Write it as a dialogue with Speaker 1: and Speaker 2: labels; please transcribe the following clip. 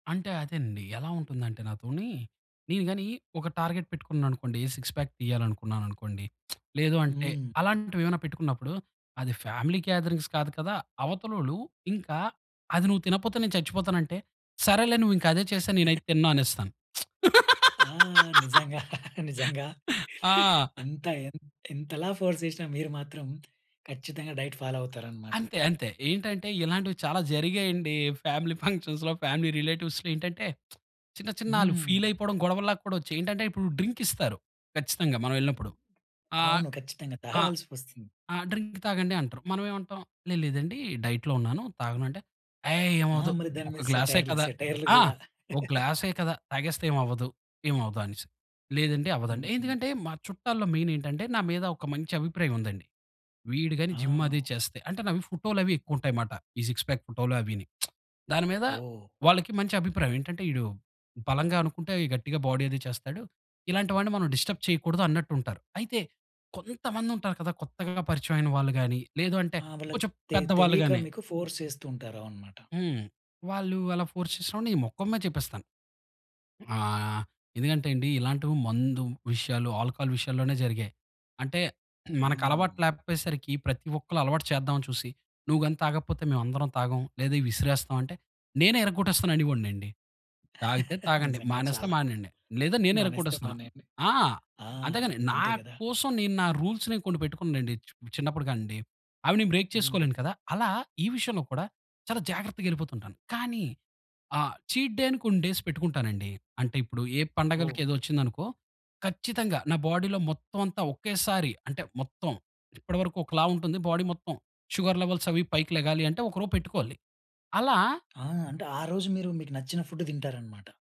Speaker 1: అంటే అదేనండి. ఎలా ఉంటుందంటే నాతోని నేను గాని ఒక టార్గెట్ పెట్టుకున్నాననుకోండి. సిక్స్ పాక్ తీయాలనుకున్నాననుకోండి. లేదు అంటే
Speaker 2: హ్మ్.
Speaker 1: అలాంటివేమైనా పెట్టుకున్నప్పుడు అది ఫ్యామిలీ గేదరింగ్స్ కాదు కదా. అవతలోళ్ళు ఇంకా అది నువ్వు తినకపోతే నేను చచ్చిపోతానంటే, సరేలే! నువ్వు ఇంకా అదే చేసేయి నేనైతే తినను అనేస్తాను.
Speaker 2: ఆ! నిజంగా. నిజంగా.
Speaker 1: ఆ!
Speaker 2: ఎంత ఎన్ ఎంతలా ఫోర్స్ చేసినా మీరు మాత్రం ఖచ్చితంగా డైట్ ఫాలో అవుతారనమాట.
Speaker 1: అంతే. అంతే. ఏంటంటే ఇలాంటివి చాలా జరిగాయండి ఫ్యామిలీ ఫంక్షన్స్‌లో ఫ్యామిలీ రిలేటివ్స్‌లో. ఏంటంటే, చిన్న చిన్న ఆళ్ళు ఫీల్
Speaker 2: హ్మ్.
Speaker 1: అయిపోవడం గొడవల్లా కూడా వచ్చాయి. ఏంటంటే ఇప్పుడు డ్రింక్ ఇస్తారు ఖచ్చితంగా మనం ఎళ్ళినప్పుడు. ఆహ్,
Speaker 2: అవును. ఖచ్చితంగా.
Speaker 1: ఆహ్,
Speaker 2: తాగాల్సి వస్తుంది.
Speaker 1: "ఆ! డ్రింక్ తాగండి" అంటారు. మనం ఏమంటాం, "లేదు లేదండి డైట్‌లో ఉన్నాను. తాగను." అంటే "అయ్
Speaker 2: ఆ!
Speaker 1: ఏమవ్వదు
Speaker 2: మరి దాని
Speaker 1: ఒక
Speaker 2: మీద
Speaker 1: గ్లాసే
Speaker 2: సెటైర్‌లు
Speaker 1: కదా.
Speaker 2: సెటైర్‌లు
Speaker 1: ఆ!
Speaker 2: కూడా.
Speaker 1: ఒక గ్లాసే కదా తాగేస్తే ఏమవ్వదు ఏమవ్వదు" అనేసి. "లేదండి అవ్వదండి.
Speaker 2: హుహు.
Speaker 1: ఎందుకంటే మా చుట్టాల్లో మెయిన్ ఏంటంటే, నా మీద ఒక మంచి అభిప్రాయముందండి. వీడు గాని జిమ్ అది
Speaker 2: ఆ!
Speaker 1: చేస్తే, అంటే నావి ఫోటోలవి ఎక్కువుంటాయిమాట. ఈ సిక్స్ పాక్ ఫోటోలు అవిని. దాని మీద
Speaker 2: ఓహ్!
Speaker 1: వాళ్లకి మంచి అభిప్రాయం. ఏంటంటే ఈడు బలంగా అనుకుంటే గట్టిగా బాడీ అది చేస్తాడు. ఇలాంటి వాడిని మనం డిస్టర్బ్ చేయకూడదన్నట్టుంటారు. అయితే కొంతమందుంటారు కదా! కొత్తగా పరిచయమైన వాళ్ళు గాని లేదు అంటే
Speaker 2: ఆ! వాళ్ళకి
Speaker 1: కొంచెం
Speaker 2: తె
Speaker 1: పెద్దవాళ్ళు
Speaker 2: తెలీక
Speaker 1: గాని.
Speaker 2: మీకు ఫోర్స్ చేస్తూ ఉంటారు అవననమాట.
Speaker 1: హ్మ్. వాళ్ళు అలా ఫోర్స్ చేసినప్పుడు నేను మొఖం మీద చెప్పేస్తాను. ఆ! ఎందుకంటే అండి ఇలాంటివి మందు విషయాలు, ఆల్కహాల్ విషయాల్లోనే జరిగాయి. అంటే మనకలవాటు
Speaker 2: హ్మ్.
Speaker 1: లేకపోయేసరికి ప్రతి ఒక్కళ్ళు అలవాటు చేద్దాం అని చూసి. "నువ్వు గాని తాగకపోతే మేము అందరం తాగం లేదా విసిరేస్తాం" అంటే నేనే ఇరగొట్టేస్తాననివోడినండి. "తాగితే తాగండి
Speaker 2: నిజంగా
Speaker 1: మానేస్తే
Speaker 2: చాలా,
Speaker 1: మానేయండి." లేదా నేనే
Speaker 2: మానేస్తే
Speaker 1: ఇరగ్గొట్టేస్తాను.
Speaker 2: మానేయండి.
Speaker 1: ఆ!
Speaker 2: ఆ!
Speaker 1: అంతేగాని నా
Speaker 2: అంతే కదా!
Speaker 1: కోసం నేను నా రూల్స్‌ని కొన్ని పెట్టుకున్నానండి. చు చిన్నప్పుడు కాడినుండి. అవి నేను బ్రేక్
Speaker 2: హ్మ్.
Speaker 1: చేసుకోలేను కదా! అలా ఈ విషయంలో కూడా చాలా జాగ్రత్తగా వెళ్ళిపోతుంటాను. కానీ ఆ చీట్ డే కొన్ని డేస్ పెట్టుకుంటానండి. అంటే ఇప్పుడు ఏ పండగలకి
Speaker 2: ఓహ్!
Speaker 1: ఏదో వచ్చింది అనుకో, ఖచ్చితంగా నా బాడీలో మొత్తం అంతా ఒకేసారి అంటే మొత్తం ఇప్పటి వరకు ఒకలా ఉంటుంది. బాడీ మొత్తం షుగర్ లెవెల్స్ అవి పైకి లెగాలి అంటే ఒక రోజు పెట్టుకోవాలి. అలా
Speaker 2: ఆ! అంటే ఆ రోజు మీరు మీకు నచ్చిన ఫుడ్డు తింటారనమాట.